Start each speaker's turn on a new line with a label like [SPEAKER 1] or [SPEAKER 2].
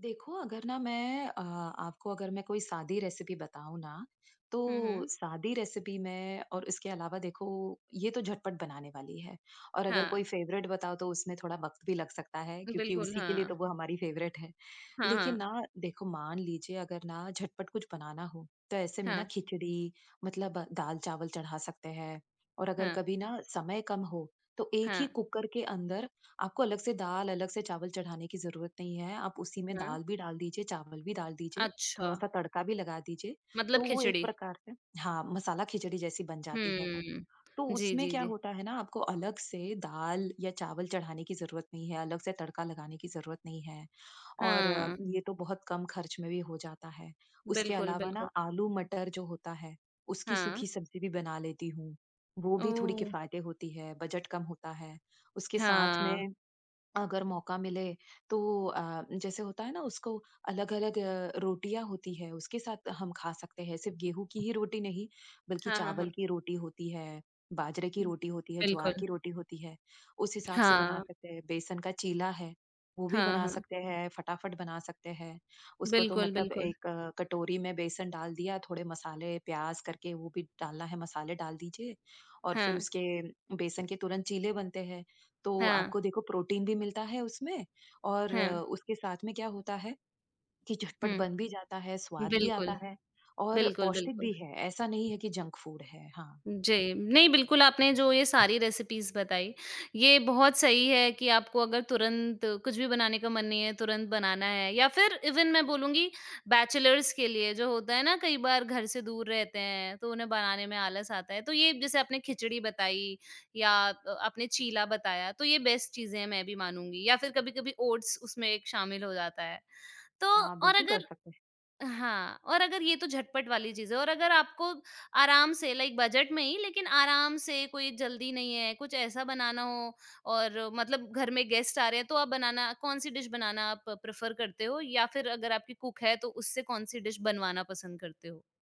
[SPEAKER 1] देखो, अगर ना मैं अ, आपको अगर मैं कोई साधी रेसिपी बताऊँ ना,
[SPEAKER 2] हुँ,
[SPEAKER 1] तो
[SPEAKER 2] हुँ।
[SPEAKER 1] साधी रेसिपी में और इसके अलावा देखो, ये तो झटपट बनाने वाली है। और अगर कोई
[SPEAKER 2] हाँ।
[SPEAKER 1] फ़ेवरेट बताऊँ, तो उसमें थोड़ा वक़्त भी लग सकता है क्योंकि
[SPEAKER 2] बिल्कुल,
[SPEAKER 1] उसी के लिए
[SPEAKER 2] हाँ।
[SPEAKER 1] तो वो हमारी फ़ेवरेट है।
[SPEAKER 2] हाँ,
[SPEAKER 1] लेकिन
[SPEAKER 2] हाँ।
[SPEAKER 1] ना देखो, मान लीजिए अगर ना झटपट कुछ बनाना हो तो ऐसे में ना,
[SPEAKER 2] हाँ।
[SPEAKER 1] खिचड़ी मतलब दाल-चावल चढ़ा सकते हैं। और अगर
[SPEAKER 2] हाँ।
[SPEAKER 1] कभी ना समय कम हो, तो एक ही
[SPEAKER 2] हाँ।
[SPEAKER 1] कुकर के अंदर आपको अलग से दाल, अलग से चावल चढ़ाने की ज़रूरत नहीं है। आप उसी में
[SPEAKER 2] हाँ।
[SPEAKER 1] दाल भी डाल दीजिए, चावल भी डाल दीजिए,
[SPEAKER 2] अच्छा।
[SPEAKER 1] थोड़ा-सा तड़का भी लगा दीजिए।
[SPEAKER 2] मतलब
[SPEAKER 1] तो वो एक
[SPEAKER 2] खिचड़ी।
[SPEAKER 1] प्रकार से हाँ, मसाला खिचड़ी जैसी बन जाती है वो।
[SPEAKER 2] हुँ।
[SPEAKER 1] तो
[SPEAKER 2] जी,
[SPEAKER 1] उसमें
[SPEAKER 2] जी,
[SPEAKER 1] क्या
[SPEAKER 2] जी।
[SPEAKER 1] होता है ना, आपको अलग से दाल या चावल चढ़ाने की ज़रूरत नहीं है, अलग से तड़का लगाने की ज़रूरत नहीं है और
[SPEAKER 2] हाँ।
[SPEAKER 1] ये तो बहुत कम खर्च में भी हो जाता है। उसके
[SPEAKER 2] बिल्कुल,
[SPEAKER 1] अलावा ना,
[SPEAKER 2] बिल्कुल।
[SPEAKER 1] आलू मटर जो होता है उसकी
[SPEAKER 2] हाँ।
[SPEAKER 1] सूखी सब्ज़ी भी बना लेती हूँ। वो भी थोड़ी
[SPEAKER 2] ओह!
[SPEAKER 1] किफ़ायती होती है, बजट कम होता है। उसके साथ
[SPEAKER 2] हाँ।
[SPEAKER 1] में, अगर मौका मिले तो अ, जैसे होता है ना? उसको अलग-अलग अ, रोटियाँ होती हैं, उसके साथ हम खा सकते हैं। सिर्फ़ गेहूँ की ही रोटी नहीं बल्कि
[SPEAKER 2] हाँ, हाँ,
[SPEAKER 1] चावल
[SPEAKER 2] हाँ।
[SPEAKER 1] की रोटी होती है, बाजरे की
[SPEAKER 2] हुँ।
[SPEAKER 1] रोटी होती है, ज्वार
[SPEAKER 2] बिल्कुल।
[SPEAKER 1] की रोटी होती है, उस हिसाब से बना
[SPEAKER 2] हाँ।
[SPEAKER 1] सकते हैं। बेसन का चीला है, वो भी
[SPEAKER 2] हाँ,
[SPEAKER 1] बना
[SPEAKER 2] हाँ।
[SPEAKER 1] सकते हैं, फटाफट बना सकते हैं। उसको तो
[SPEAKER 2] बिल्कुल,
[SPEAKER 1] मतलब
[SPEAKER 2] बिल्कुल।
[SPEAKER 1] 1 कटोरी में बेसन डाल दिया, थोड़े मसाले, प्याज़ करके वो भी डालना है, मसाले डाल दीजिए। और फिर
[SPEAKER 2] हाँ।
[SPEAKER 1] उसके बेसन के तुरंत चीले बनते हैं। तो
[SPEAKER 2] हाँ।
[SPEAKER 1] आपको देखो प्रोटीन भी मिलता है उसमें, और
[SPEAKER 2] हाँ।
[SPEAKER 1] उसके साथ में क्या होता है, कि झटपट बन
[SPEAKER 2] हुँ।
[SPEAKER 1] भी जाता है, स्वाद भी
[SPEAKER 2] बिल्कुल।
[SPEAKER 1] आता है और
[SPEAKER 2] बिल्कुल,
[SPEAKER 1] पौष्टिक
[SPEAKER 2] बिल्कुल।
[SPEAKER 1] भी है। ऐसा नहीं है कि जंक फूड है। हाँ।
[SPEAKER 2] जी। नहीं बिल्कुल, आपने जो ये सारी रेसिपीज़ बताई, ये बहुत सही है कि आपको अगर तुरंत कुछ भी बनाने का मन नहीं है, तुरंत बनाना है या फिर इवन मैं बोलूँगी बैचलर्स के लिए जो होता है ना कई बार घर से दूर रहते हैं, तो उन्हें बनाने में आलस आता है। तो ये जैसे आपने खिचड़ी बताई या अ, आपने चीला बताया, तो ये बेस्ट चीज़ें हैं, मैं भी मानूँगी या फिर कभी-कभी ओट्स उसमें एक शामिल हो जाता है। तो
[SPEAKER 1] हाँ,
[SPEAKER 2] और
[SPEAKER 1] बिल्कुल कर
[SPEAKER 2] अगर
[SPEAKER 1] सकते हैं।
[SPEAKER 2] हाँ, और अगर ये तो झटपट वाली चीज़ है और अगर आपको आराम से लाइक बजट में ही, लेकिन आराम से, कोई जल्दी नहीं है, कुछ ऐसा बनाना हो और मतलब घर में गेस्ट आ रहे हैं तो आप बनाना कौन-सी डिश बनाना आप प्रेफ़र करते हो? या फिर अगर आपकी कुक है, तो उससे कौन-सी डिश बनवाना पसंद करते हो?